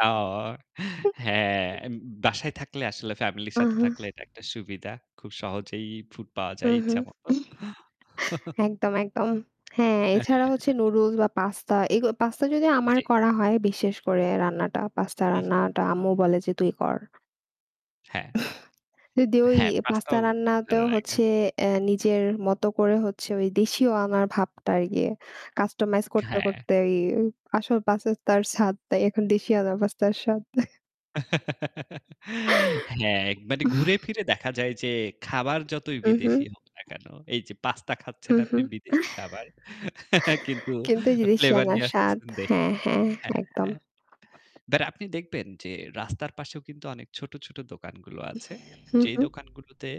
আঅ হ্যাঁ, উম, উম বাসায় থাকলে আসলে family র সাথে আহা! থাকলে এটা একটা সুবিধা। খুব সহজেই food পাওয়া যায় উহু। ইচ্ছামত। একদম, একদম। হ্যাঁ, অ্যা হ্যাঁ, এছাড়া হচ্ছে হ্যাঁ। নুডুলস বা পাস্তা। এগু পাস্তা যদি আমার জি। করা হয়, বিশেষ করে রান্নাটা, পাস্তা উহু। রান্নাটা আম্মু বলে যে, "তুই কর।" হ্যাঁ। যদি ওই হ্যাঁ, পাস্তা পাস্তাও রান্নাতেও ভালো লাগে। হচ্ছে এ নিজের মতো করে হচ্ছে ঐ দেশিও আনার ভাবটা আর কি। customize করতে, হ্যাঁ। করতে এই আসল পাস্তার স্বাদ তাই এখন দেশিয়আনার পাস্তার স্বাদ। হ্যাঁ, একবারই ঘুরে ফিরে দেখা যায় যে খাবার যতই বিদেশি উহু। হোক না কেন, এই যে পাস্তা হু, খাচ্ছেন হু আপনি বিদেশি খাবার কিন্তু কিন্তু যে flavour দেশিয়ানার নিয়ে স্বাদ আসতেছেন দেশি হ্যাঁ, হ্যাঁ, হ্যাঁ, একদম। হ্যাঁ। বাট আপনি দেখবেন যে রাস্তার পাশেও কিন্তু অনেক ছোট, ছোট দোকানগুলো আছে হু, যেই হু। দোকানগুলোতে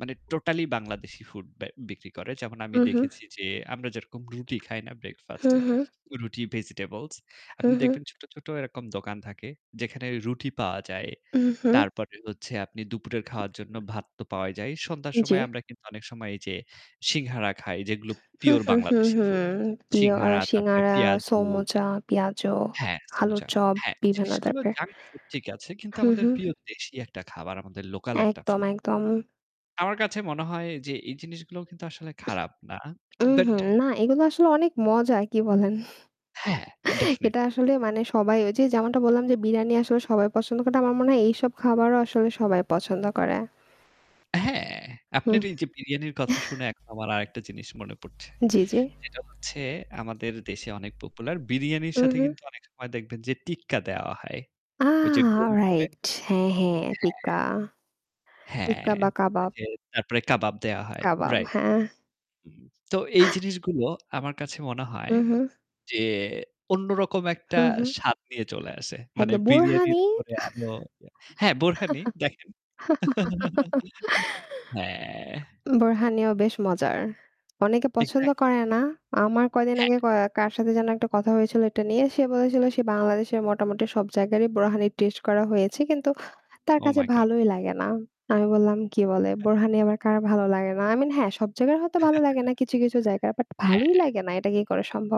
মানে totally বাংলাদেশি food বে বিক্রি করে। যেমন আমি উহু। দেখেছি যে আমরা যেরকম রুটি খাই না হু, breakfast এ? হু। রুটি, vegetables? হু, আপনি হু। দেখবেন ছোট, ছোট এরকম দোকান থাকে যেখানে রুটি পাওয়া যায়। উহু। তারপরে হচ্ছে আপনি দুপুরের খাওয়ার জন্য ভাত তো পাওয়াই যায়। সন্ধ্যার সময় জি। আমরা কিন্তু অনেক সময় এই যে সিংগারা খাই যেগুলো হু, pure হু, হু, বাংলাদেশি হু food। প্রিয় আ সিংগারা তারপরে সিঙ্গারা, পেয়াজু। সোমোচা, পিয়াজু, হ্যাঁ, আলুর সমুচা। চপ, হ্যাঁ, বিভিন্ন জিনিসগুলো টাইপের। junk food ঠিক আছে কিন্তু হু, আমাদের হু। pure দেশি একটা খাবার, আমাদের local একটা একদম, food। একদম। আমার কাছে মনে হয় যে এই জিনিসগুলোও কিন্তু আসলে খারাপ না। বাট উহু, না, এগুলো আসলে অনেক মজা, কি বলেন? হ্যাঁ, ডেফিনেট এটা আসলে মজা মানে তো। সবাই ঐ যে যেমনটা বললাম, যে বিরিয়ানি আসলে সবাই পছন্দ করে, তেমন আমার মনে হয় এইসব খাবারও আসলে সবাই পছন্দ করে। হ্যাঁ, আপনার হুহ। এই যে বিরিয়ানির কথা শুনে এখন আমার আরেকটা জিনিস মনে পড়ছে। জি, জি। যেটা হচ্ছে আমাদের দেশে অনেক popular বিরিয়ানির সাথে উহু। কিন্তু অনেক সময় দেখবেন যে টিক্কা দেওয়া হয়। ওই যে আহ! গোল করে। alright. অ্যা হ্যাঁ, হ্যাঁ, হ্যাঁ। টিক্কা, হ্যাঁ। টিক্কা বা কাবাব। ঐযে তারপরে কাবাব দেওয়া হয়। কাবাব, রাইট। হ্যাঁ। তো এই জিনিসগুলো আমার কাছে মনে হয় উহু। যে অন্যরকম একটা হু, হু। স্বাদ নিয়ে চলে আসে। মানে একদম বিরিয়ানির বোরহানি। উপরে আরও হ্যাঁ, বোরহানি দেখেন। হ্যাঁ। বোরহানিও বেশ মজার। অনেকে পছন্দ Exactly। করে না। আমার কয়দিন হ্যাঁ। আগে ক কার সাথে যেন একটা কথা হয়েছিল এটা নিয়ে। সে বলেছিল সে বাংলাদেশের মোটামুটি সব জায়গারই বোরহানির taste করা হয়েছে কিন্তু তার Oh কাছে my god! ভালোই লাগে না। আমি বললাম, "কি বলে? বোরহানি আবার কার ভালো লাগে না?" I mean হ্যাঁ, সব জায়গার হয়তো ভালো লাগে না কিছু, কিছু জায়গার। বাট ভালোই হ্যাঁ। লাগে না এটা কি করে সম্ভব?